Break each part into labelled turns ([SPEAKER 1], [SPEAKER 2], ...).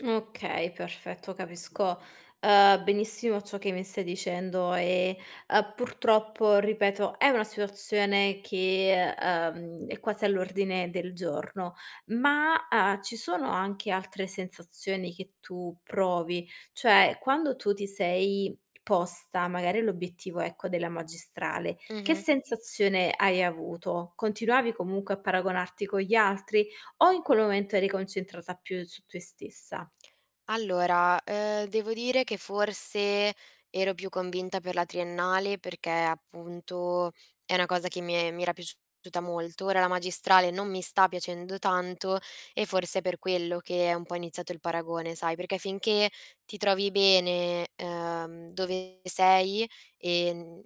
[SPEAKER 1] Okay, perfetto. Capisco, uhm, benissimo ciò che mi stai dicendo, e, uhm, purtroppo, ripeto, è una situazione che, uhm, è quasi all'ordine del giorno. Ma, uhm, ci sono anche altre sensazioni che tu provi? Cioè, quando tu ti sei posta magari l'obiettivo, ecco, della magistrale, che
[SPEAKER 2] Mh-mh.
[SPEAKER 1] sensazione hai avuto? Continuavi comunque a paragonarti con gli altri? O in quel momento eri concentrata più su te stessa?
[SPEAKER 2] Allora, uhm, devo dire che forse ero più convinta per la triennale perché, appunto, è 'na cosa che mi e mi era piaciuta molto. Ora la magistrale non mi sta piacendo tanto, e forse è per quello che è un po' iniziato il paragone, sai, perché finché ti trovi bene, uhm, dove sei, e, mhmm,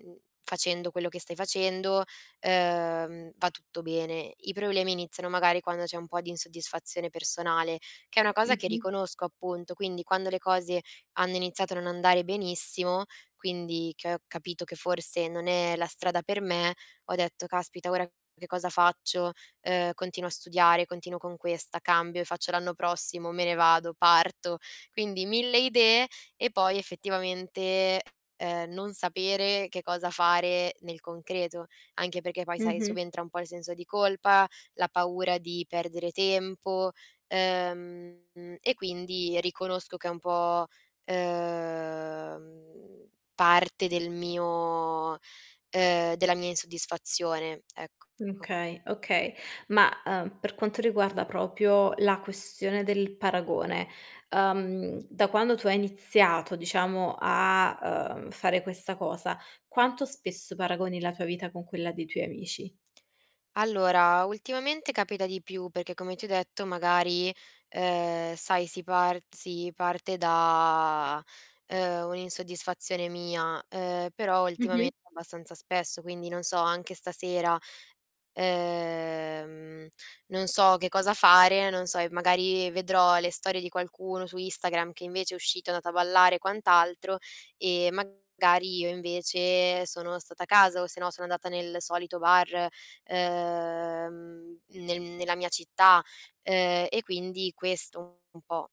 [SPEAKER 2] facendo quello che stai facendo, uhm, va tutto bene. I problemi iniziano, magari, quando c'è un po' di insoddisfazione personale, che è una cosa che
[SPEAKER 1] Mh-mh.
[SPEAKER 2] riconosco, appunto. Quindi, quando le cose hanno iniziato a non andare benissimo quindi, che ho capito che forse non è la strada per me, ho detto: "Caspita ora che cosa faccio? Uhm, continuo a studiare, continuo con questa, cambio e faccio l'anno prossimo, me ne vado, parto?" Quindi 1000 idee, e poi effettivamente, uhm, non sapere che cosa fare nel concreto. Anche perché poi, sai,
[SPEAKER 1] Mh-mh.
[SPEAKER 2] subentra un po' il senso di colpa, la paura di perdere tempo, uhm, e quindi, riconosco che è un po', uhm, parte del mio uhm, della mia insoddisfazione, ecco.
[SPEAKER 1] Okay. Okay. Ma, uhm, per quanto riguarda proprio la questione del paragone, uhm, da quando tu hai iniziato, diciamo, a, uhm, fare questa cosa, quanto spesso paragoni la tua vita con quella dei tuoi amici?
[SPEAKER 2] Allora, ultimamente capita di più, perché come ti ho detto, magari, uhm, sai si par si parte da, uhm, un'insoddisfazione mia, uhm, però
[SPEAKER 1] Mh-mh.
[SPEAKER 2] ultimamente abbastanza spesso. Quindi, non so, anche stasera, uhm, non so che cosa fare, non so, e magari vedrò le storie di qualcuno su Instagram che invece è uscito, è andato a ballare e quant'altro, e magari io invece sono stata a casa, o se no sono andata nel solito bar, ehm, nel nella mia città, uhm, e quindi questo un po'